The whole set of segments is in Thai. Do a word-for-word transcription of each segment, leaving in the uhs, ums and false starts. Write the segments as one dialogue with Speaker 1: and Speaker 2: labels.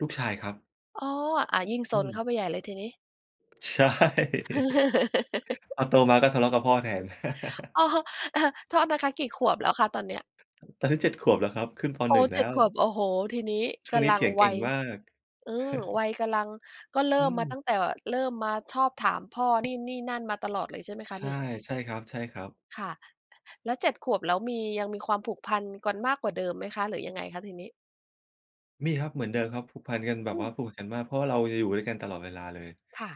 Speaker 1: ลูกชายครับ
Speaker 2: อ๋อ อา ยิ่งซ
Speaker 1: อื
Speaker 2: นเข
Speaker 1: ม
Speaker 2: ้าไปใหญ่เลยทีนี้
Speaker 1: ใช่ พอโตมา ก็ทะเลาะกับพ่อแทน
Speaker 2: อ๋อ เอ่อ โทษนะคะ กี่ขวบแล้วคะตอนเนี้ย?
Speaker 1: ตอนนี้ เจ็ด ขวบ แล้วครับ ขึ้น ป.
Speaker 2: โอ้
Speaker 1: หนึ่ง
Speaker 2: เ
Speaker 1: แ
Speaker 2: จ
Speaker 1: ล
Speaker 2: ็ด
Speaker 1: ้ว
Speaker 2: ขวบ โอ้โฮ! ทีนี้
Speaker 1: ช
Speaker 2: ก
Speaker 1: ่วงนี
Speaker 2: ำ
Speaker 1: ้
Speaker 2: ลั
Speaker 1: เถ
Speaker 2: ง
Speaker 1: ียงเ
Speaker 2: ว
Speaker 1: ก่
Speaker 2: ั
Speaker 1: ง
Speaker 2: ย
Speaker 1: มาก
Speaker 2: อืม วัยกำลัง ก็เร
Speaker 1: อ
Speaker 2: ิ่
Speaker 1: ื
Speaker 2: มมาตั
Speaker 1: ม
Speaker 2: ้งแต่ เริ่มมาชอบถามพ่อ นี่ นี่ นั่น มาตลอดเลยใช่ไหมค
Speaker 1: ใ
Speaker 2: ะ
Speaker 1: ช
Speaker 2: น
Speaker 1: ่
Speaker 2: ี่?
Speaker 1: ใช่ครับ ใช่ครับ
Speaker 2: ค่ะ แล้ว เจ็ด ขวบ แล้วมี ยังมีความผูกพันกันมากกว่าเดิมไหมคะ หรือยังไงคะทีนี้?
Speaker 1: มีครับ เหมือนเดิมครับ ผูกพันกันแบ
Speaker 2: อื
Speaker 1: บว
Speaker 2: ม
Speaker 1: ่าผูกกันมาก เพราะว่าเราจะอยู่ด้วยกันตลอดเวลาเลย
Speaker 2: ค่ะ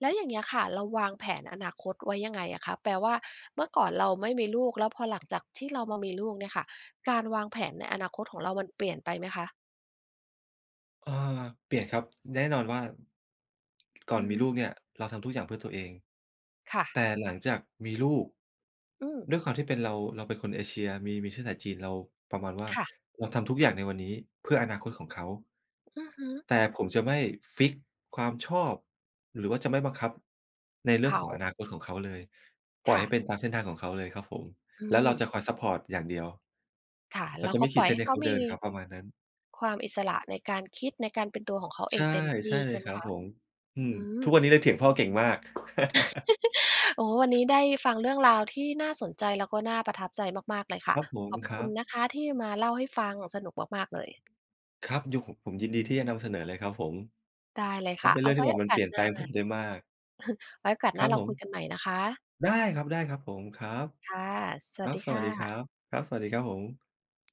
Speaker 2: แล้วอย่างเงี้ยค่ะ เราวาง แผนอนาคตไว้ยังไงอะคะ แปลว่าเมื่อก่อนเราไม่มีลูก แล้วพอหลังจากที่เรามามีลูกเนี่ยค่ะ การวางแผนในอนาคตของเรามันเปลี่ยนไปไหมคะ?
Speaker 1: อา เปลี่ยนครับ แน่นอนว่า ก่อ
Speaker 2: อื
Speaker 1: น
Speaker 2: อ
Speaker 1: ม
Speaker 2: ฮ
Speaker 1: ีล
Speaker 2: ึ
Speaker 1: ูกเนี่ย เราทำทุกอย่างเพื่อตัวเอง
Speaker 2: ค่
Speaker 1: แ
Speaker 2: ะ
Speaker 1: ต่หลังจากมีลูก
Speaker 2: อืม
Speaker 1: ด้วยความที่เป็นเรา เราเป็นคนเอเชีย มี มีเชื้อสายจีน เราประมาณว่า
Speaker 2: ค่ะ
Speaker 1: เราทำทุกอย่างในวันนี้เพื่ออนาคตของเขา
Speaker 2: อือฮึ
Speaker 1: แต่ผมจะไม่ฟิกซ์ความชอบ หรือว่าจะไม่บังคับในเ
Speaker 2: เ
Speaker 1: ร
Speaker 2: ข
Speaker 1: ื่องของอ
Speaker 2: า
Speaker 1: นาคตของเขาเลย ป
Speaker 2: ค
Speaker 1: ล่อย
Speaker 2: ่
Speaker 1: ให
Speaker 2: ะ
Speaker 1: ้เป็นตามเส้นทางของเขาเลยครับผม
Speaker 2: อื
Speaker 1: แล้วเรา
Speaker 2: ม
Speaker 1: จะคอยซัปพอร์ตอย่างเดียว
Speaker 2: ค่ะ
Speaker 1: เร
Speaker 2: เ
Speaker 1: า
Speaker 2: รา
Speaker 1: จะ
Speaker 2: ก
Speaker 1: ไม
Speaker 2: ็
Speaker 1: ่ข
Speaker 2: ป
Speaker 1: ี
Speaker 2: ล
Speaker 1: ด
Speaker 2: ่
Speaker 1: เ
Speaker 2: อย
Speaker 1: ส้
Speaker 2: ให
Speaker 1: น
Speaker 2: ้
Speaker 1: ให้
Speaker 2: เข
Speaker 1: เข
Speaker 2: า
Speaker 1: า
Speaker 2: ม
Speaker 1: เด
Speaker 2: ี
Speaker 1: ินครับ ประมาณนั้น
Speaker 2: ความอิสระในการคิด ในการเป็นตัวของเขาเ
Speaker 1: ใ
Speaker 2: อ
Speaker 1: ช่
Speaker 2: งเต็มท
Speaker 1: ใช
Speaker 2: ี่
Speaker 1: ่เล
Speaker 2: ใช
Speaker 1: ย
Speaker 2: ่ไห
Speaker 1: ค
Speaker 2: ม
Speaker 1: รับ
Speaker 2: คะ?
Speaker 1: ผม อืม
Speaker 2: อื
Speaker 1: ทุ
Speaker 2: อ
Speaker 1: กวันนี้เลยเถียงพ่อเก่งมาก
Speaker 2: โอ้ วันนี้ได้ฟังเรื่องราวที่น่าสนใจ แล้วก็น่าประทับใจมาก ๆ เลยค่
Speaker 1: ค
Speaker 2: ะ
Speaker 1: รับผ
Speaker 2: ข
Speaker 1: ม
Speaker 2: อบ
Speaker 1: คร
Speaker 2: คุ
Speaker 1: ั
Speaker 2: ณ
Speaker 1: บ
Speaker 2: นะคะที่มาเล่าให้ฟัง สนุกมาก ๆ เลย
Speaker 1: ครับ อยู่ ห ผมยินดีที่จะนำเสนอเลยครับผม
Speaker 2: ได้เลย
Speaker 1: ก
Speaker 2: ค
Speaker 1: ็
Speaker 2: ่ะ
Speaker 1: เป็น
Speaker 2: เอ
Speaker 1: เรื
Speaker 2: า
Speaker 1: ่อง
Speaker 2: ไ
Speaker 1: ที
Speaker 2: ว้
Speaker 1: ่แบ
Speaker 2: โอ
Speaker 1: บมัน
Speaker 2: กา
Speaker 1: เป
Speaker 2: ส
Speaker 1: ลี่ยน
Speaker 2: หน
Speaker 1: แป
Speaker 2: ้
Speaker 1: ล
Speaker 2: า
Speaker 1: งผมได้มาก
Speaker 2: ไว้โอกาส
Speaker 1: ค
Speaker 2: หน้
Speaker 1: รั
Speaker 2: า
Speaker 1: บ
Speaker 2: เรา
Speaker 1: ผ
Speaker 2: ค
Speaker 1: ม
Speaker 2: ุยกันใหม่นะคะ
Speaker 1: ได้ครับ ได้ครับผม ครับ
Speaker 2: ค่ะ ส
Speaker 1: ค
Speaker 2: วั
Speaker 1: ร
Speaker 2: ส
Speaker 1: ับ
Speaker 2: ดี
Speaker 1: ส
Speaker 2: ค
Speaker 1: วั
Speaker 2: ่
Speaker 1: สดีค
Speaker 2: ะ
Speaker 1: รับ ครับ สวัสดีครับผม